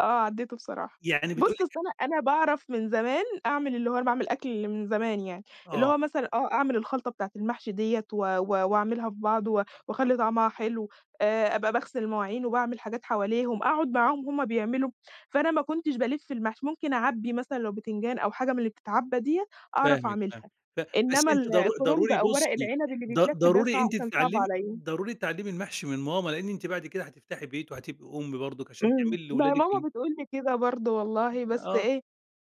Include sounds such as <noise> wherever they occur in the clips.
آه عدّيته بصراحة. يعني بتقول بُصّ، أصل لِك أنا أنا باعرف من زمان أعمل اللي هو أنا باعمل أكْل من زمان يعني، اللي آه. هو مثلًا آه أعمل الخلطة بتاعة المحشي ديّة و و واعملها في بعض و واخلّي طعمها حلو، آآ، أبقى باغسل المواعين وباعمل حاجات حواليهم، أقعد معاهم وهُم بيعملوا. فأنا ما كنتش بالِفّ المحشي. ممكن أعبِّي مثلًا لو بتنجان أو حاجة من اللي بِتتعبَّى ديّة أعرف فاهمِك فاهمِك. أعملها، ف بس إنما أنتِ ال ضرو الكرنب ضروري أو ورق بُصّي، العنب اللي ض بيتلف ده ضروري صعب أنتِ كان صعب تتعلمي عليَّ. ضروري تتعلمي المحشي من ماما، لأن أنتِ بعد كده هتفتحي بيت وهتبقي أُم برضك عشان إمم. تعملي ما هي لولادِك ال ماما بتقول لي كده برضو والله، بس آه. إيه،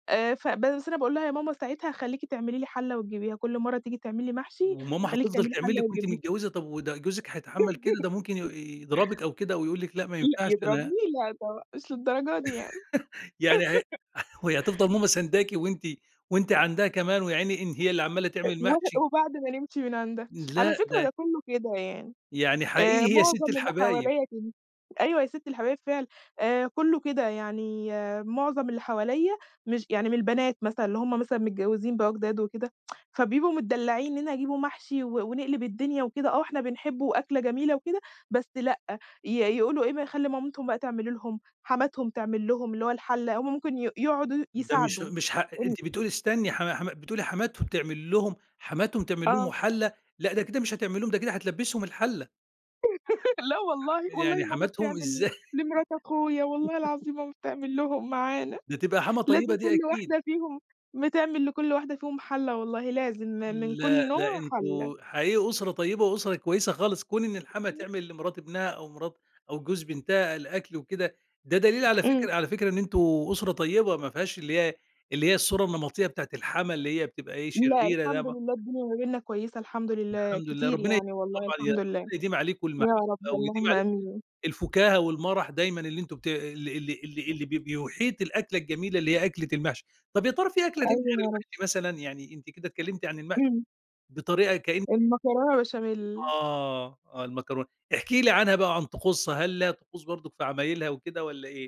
آآ، ف بس أنا باقول لها: "يا ماما ساعتها هخلّيكِ تعملي لي حلّة وتجيبيها. كُلّ مَرّة تيجي تعملي محشي، وماما هخلّيكِ هتفضل تعملي تعمل حلّة لِك وأنتِ وتجيبيها.". متجوزة، طَب وده جوزِك هيتحمل كده، ده ممكن ي <laughs> يضربِك أو كده ويقول لِك لأ ما لأ ينفعش، أنا يضربني! لا طبعًا. مش للدرجة دي يعني. <laughs> يعني هي <laughs> <laughs> وهي هتفضَل ماما سنداكِ وأنتِ وأنتِ عندها كمان، ويا عيني إن هي اللي عَمّالة أ تعمل و محشي. وبعد ما نمشي من عندها. على لأ، فكرة ده ده كلّه كده يعني، يعني آآ، حقيقي هي ست معظم اللي الحبايب. حواليَّ كده. أيوه هي ست الحبايب فعلًا. آآ، كلّه كده يعني معظم اللي حواليَّ مش يعني من البنات مثلًا، اللي هُم مثلًا متجوزين بقى جداد وكده، <tsk> فبيبقوا متدلعين منين هيجيبوا محشي و ونقلِب الدنيا وكده. آه إحنا بنحبه وأكلة جميلة وكده. بس لأ، ي يقولوا إيه ما يخلّوا مامتهم بقى تعمل لهم، حماتهم تعمل لهم اللي هو الحلّة. هُم ممكن ي يقعدوا ده مش يساعدوا، مش ح إمم. أنتِ بتقولي استني حم حم بتقولي حماتهم تعمل لهم حماتهم تعمل لهم آه. وحلّة. لأ، ده كده مش هتعمل لهم، ده كده هتلبّسهم الحلّة. <laughs> لأ ح والله. والله يعني ماما حماتهم، بتعمل ل إزاي! لمرات أخويا. والله العظيم <laughs> ماما بتعمل لهم معانا. ده تبقى حماة طيبة لازم دي كُلّ أكيد. واحدة فيهم، بتعمل لكل واحدة فيهم حلّة والله لازم، م من لأ، كُلّ لأ، نوع حلّة. انتم حقيقي أسرة طيبة وأسرة كويسة خالص. كون إن الحماة <unintelligible> تعمل لمرات ابنها أو مرات أو جوز بنتها الأكل وكده، ده دليل على إمم. فكرة على فكرة إن أنتم أسرة طيبة ما فيهاش اللي هي اللي هي الصورة النمطية بتاعة الحماة، اللي هي بتبقى إيه، لأ شريرة ده الحمد ما لله الدنيا ما بيننا كويسة الحمد لله الحمد لله، كتير ربنا يعني <unintelligible> والله، طبعًا ي الحمد ربنا لله. يديم عليكم يا المحبة، رب ويديم اللهم عليكم آمين. الفكاهة والمرح دايمًا اللي أنتم بت اللي اللي اللي اللي ب بيحيط الأكلة الجميلة، اللي هي أكلة المحشي. طَب يا ترى في أكلة تانية غير أيوه يا رب. المحشي مثلًا؟ يعني أنتِ كده اتكلمتِ عن المحشي إمم. بطريقة كأن المكرونة بشاميل. آه، آه المكرونة. احكي لي عنها بقى وعن طقوسها، هل ليها طقوس برضك في عمايلها وكده والّا إيه؟